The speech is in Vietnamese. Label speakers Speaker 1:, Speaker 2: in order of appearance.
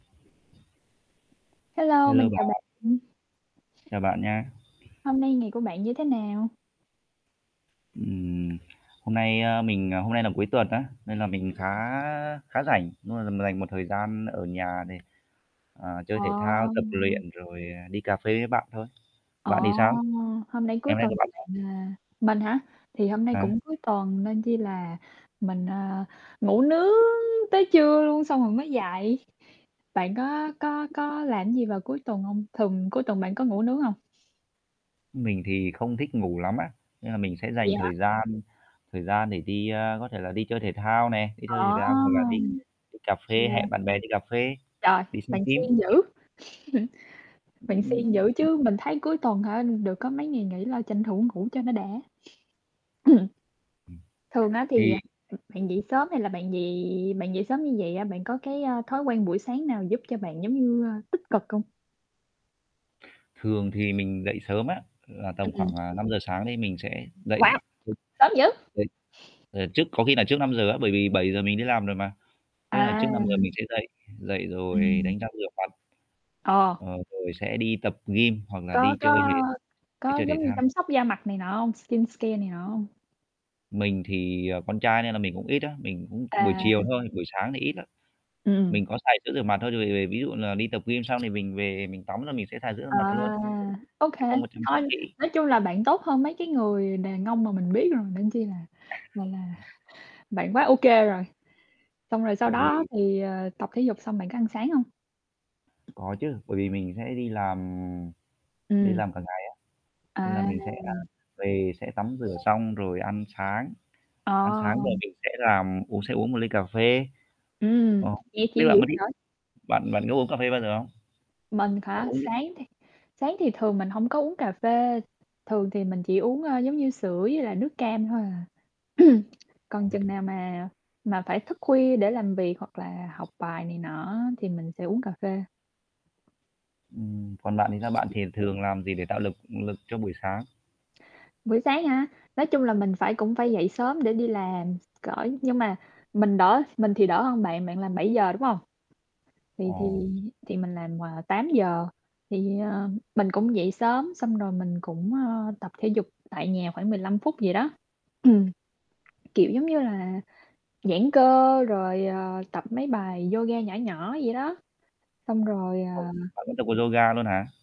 Speaker 1: Hello,
Speaker 2: Hello
Speaker 1: mình chào
Speaker 2: bạn.
Speaker 1: bạn.
Speaker 2: Chào bạn nhá.
Speaker 1: Hôm nay ngày của bạn như thế nào?
Speaker 2: Ừm, hôm nay, ơ, mình hôm nay làm cuối tuần á, nên là mình khá
Speaker 1: Ừm.
Speaker 2: khá rảnh đúng rồi, mình dành một thời gian ở nhà để, ờ, chơi thể thao, tập
Speaker 1: Ồ!
Speaker 2: luyện, rồi, ờ, đi cà phê với bạn thôi.
Speaker 1: Ồ!
Speaker 2: Bạn thì sao?
Speaker 1: Hôm nay
Speaker 2: Ngày
Speaker 1: cuối
Speaker 2: hôm nay
Speaker 1: tuần
Speaker 2: của
Speaker 1: thì
Speaker 2: bạn sao?
Speaker 1: bạn, ờ mình hả? Thì hôm nay
Speaker 2: Hả?
Speaker 1: cũng cuối tuần nên chi là mình, ơ, ngủ nướng tới trưa luôn xong rồi mới dậy. Bạn có có có làm gì vào cuối tuần hông? Thường cuối tuần bạn có ngủ nướng hông?
Speaker 2: Mình thì không thích ngủ lắm á, nên là mình sẽ
Speaker 1: Vậy
Speaker 2: dành
Speaker 1: hả?
Speaker 2: thời gian, thời gian để đi, a, có thể là đi chơi thể thao nè, đi chơi thể
Speaker 1: Ờ.
Speaker 2: thao hoặc là đi đi cà phê,
Speaker 1: Yeah.
Speaker 2: hẹn bạn bè đi cà phê,
Speaker 1: Trời,
Speaker 2: đi xem
Speaker 1: bạn
Speaker 2: phim.
Speaker 1: siêng dữ, bạn
Speaker 2: Ừm,
Speaker 1: siêng dữ
Speaker 2: ừm.
Speaker 1: chứ. Mình thấy cuối tuần hả được có mấy ngày nghỉ là tranh thủ ngủ cho nó đã.
Speaker 2: Ừm,
Speaker 1: Thường á,
Speaker 2: thì
Speaker 1: thì, à, ừm, bạn dậy sớm hay là bạn dậy bạn dậy sớm như vậy á, bạn có cái, ơ, thói quen buổi sáng nào giúp cho bạn giống như, a, tích cực không?
Speaker 2: Thường thì mình dậy sớm á, là tầm khoảng,
Speaker 1: Ừm.
Speaker 2: à, 5:00 sáng đấy mình sẽ dậy.
Speaker 1: Wow!
Speaker 2: Ờ,
Speaker 1: Sớm dữ!
Speaker 2: dậy ờ, trước có khi là trước 5:00 á, bởi vì 7:00 mình đi làm rồi mà. Thế là
Speaker 1: À.
Speaker 2: trước 5:00 mình sẽ dậy, dậy rồi
Speaker 1: Ừm.
Speaker 2: đánh răng, rửa mặt.
Speaker 1: Ờ.
Speaker 2: Ờ, rồi sẽ đi tập gym hoặc là
Speaker 1: Có
Speaker 2: đi
Speaker 1: có
Speaker 2: chơi thể đi
Speaker 1: có
Speaker 2: chơi thể
Speaker 1: giống như
Speaker 2: thao.
Speaker 1: chăm sóc da mặt này nọ hông? Skincare này nọ hông?
Speaker 2: Mình thì, ờ, con trai nên là mình cũng ít á, mình cũng buổi
Speaker 1: À.
Speaker 2: chiều thôi, buổi sáng thì ít lắm,
Speaker 1: Ừm.
Speaker 2: mình có xài sữa rửa mặt thôi. Vì vì ví dụ như là đi tập gym xong thì mình về mình tắm là mình sẽ xài sữa rửa
Speaker 1: À,
Speaker 2: mặt luôn, chứ không
Speaker 1: ô
Speaker 2: chứ
Speaker 1: kê.
Speaker 2: không có chăm sóc
Speaker 1: Thôi
Speaker 2: kỹ.
Speaker 1: nói chung là bạn tốt hơn mấy cái người đàn ông mà mình biết rồi, nên chi là, gọi là, bạn quá ô kê rồi, xong rồi sau
Speaker 2: Tại
Speaker 1: đó
Speaker 2: vì
Speaker 1: thì, ờ, tập thể dục xong bạn có ăn sáng hông?
Speaker 2: Có chứ. Bởi vì mình sẽ đi làm đi
Speaker 1: Ừm.
Speaker 2: làm cả ngày á, nên là
Speaker 1: À.
Speaker 2: mình sẽ, a, về sẽ tắm rửa xong rồi ăn sáng, ăn sáng
Speaker 1: Ờ.
Speaker 2: rồi mình sẽ làm uống sẽ uống một ly cà phê.
Speaker 1: Ừm,
Speaker 2: Ồ,
Speaker 1: nghe
Speaker 2: biết
Speaker 1: chill
Speaker 2: bạn
Speaker 1: dữ
Speaker 2: có thích
Speaker 1: trời.
Speaker 2: bạn bạn có uống cà phê bao giờ không?
Speaker 1: Mình
Speaker 2: Bạn
Speaker 1: hả?
Speaker 2: uống cái
Speaker 1: Sáng thì sáng thì thường mình hông có uống cà phê, thường thì mình chỉ uống, ờ, giống như sữa với lại nước cam thôi à.
Speaker 2: Ờ.
Speaker 1: Còn chừng nào mà mà phải thức khuya để làm việc hoặc là học bài này nọ á, thì mình sẽ uống cà phê.
Speaker 2: Ừm. Còn bạn thì sao? Bạn thì thường làm gì để tạo lực lực cho buổi sáng?
Speaker 1: Buổi sáng hả? Nói chung là mình phải cũng phải dậy sớm để đi làm, cỡ nhưng mà, mình đỡ mình thì đỡ hơn bạn, bạn làm 7:00, đúng hông?
Speaker 2: Ờ.
Speaker 1: Thì thì thì mình làm, ờ, 8:00, thì, ờ, mình cũng dậy sớm, xong rồi mình cũng, ơ, tập thể dục tại nhà khoảng 15 phút gì đó. Kiểu giống như là giãn cơ rồi, ờ, tập mấy bài yoga nhỏ nhỏ vậy đó, xong rồi,
Speaker 2: Ồ,
Speaker 1: ờ
Speaker 2: bạn cũng tập môn yoga luôn hả?